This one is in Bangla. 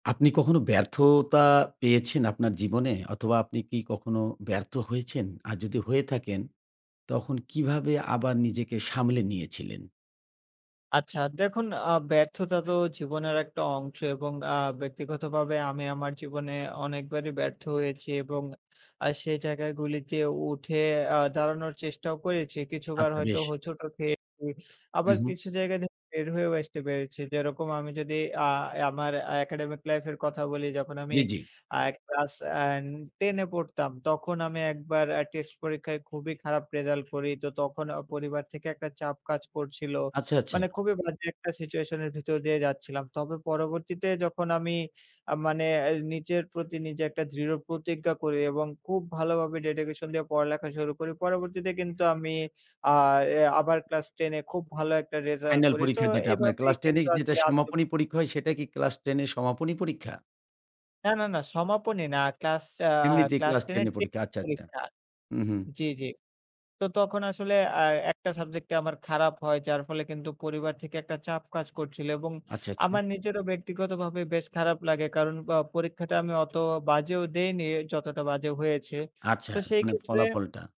আপনি কখনো ব্যর্থতা পেয়েছেন? আপনার জীবনে অথবা আপনি কি কখনো ব্যর্থ হয়েছেন? আর যদি হয়ে থাকেন তখন কিভাবে আবার নিজেকে সামলে নিয়েছিলেন? আচ্ছা দেখুন আ ব্যর্থতা তো জীবনের একটা অংশ এবং আ ব্যক্তিগতভাবে আমি আমার জীবনে অনেকবারই ব্যর্থ হয়েছি এবং আ সেই জায়গা গুলিতে উঠে আ দাঁড়ানোর চেষ্টাও করেছি। কিছু বার আচ্ছা হয়তো বেশ। হোঁচটও খেয়েছি আবার উহু। কিছু জায়গায় দে বের হয়েও আসতে পেরেছি। যেরকম আমি যদি আ আমার একাডেমিক লাইফ এর কথা বলি, যখন আমি জ্বি, জ্বি। আ ক্লাস অ্যান 10 এ পড়তাম, তখন আমি একবার অ্যা টেস্ট পরীক্ষায় খুবই খারাপ রেজাল্ট করি। তো তখন অ পরিবার থেকে একটা চাপ কাজ করছিল। আচ্ছা, আচ্ছা। মানে খুবই বাজে একটা সিচুয়েশন এর ভিতর দিয়ে যাচ্ছিলাম। তবে পরবর্তীতে যখন আমি আ মানে অ্যা নিচের প্রতি নিজে একটা দৃঢ় প্রতিজ্ঞা করি এবং খুব ভালো ভাবে dedication দিয়ে পড়ালেখা শুরু করি। পরবর্তীতে কিন্তু আমি আ অ্যা আবার ক্লাস 10 এ খুব ভালো একটা রিজাল্ট ফাইনাল করি। তো পরীক্ষা যেটা আপনার এভাবেই ক্লাস 10 এ কিন্তু যেটা আসলে আত্ত সমাপনী পরীক্ষা হয় সেটাই কি ক্লাস 10 এ সমাপনী পরীক্ষা? না, না, না, সমাপনী না। ক্লাস আ আ এমনিতেই ক্লাস ক্লাস 10 10 এর এ টে পরীক্ষা। আচ্ছা, আচ্ছা। পরীক্ষা। উহু। জি, জি। তো তখন আসলে অ্যা ১ টা সাবজেক্টটে আমার খারাপ হয় যার ফলে কিন্তু পরিবার থেকে একটা চাপ কাজ করছিলো এবং আচ্ছা, আচ্ছা। আমার নিজেরও ব্যক্তিগত ভাবে বেশ খারাপ লাগে কারণ অ পরীক্ষাটা আমি অত বাজেও দেইনি যতটা বাজে হয়েছে। আচ্ছা, তো সেই মানে ক্ষেত্রে ফলাফলটা।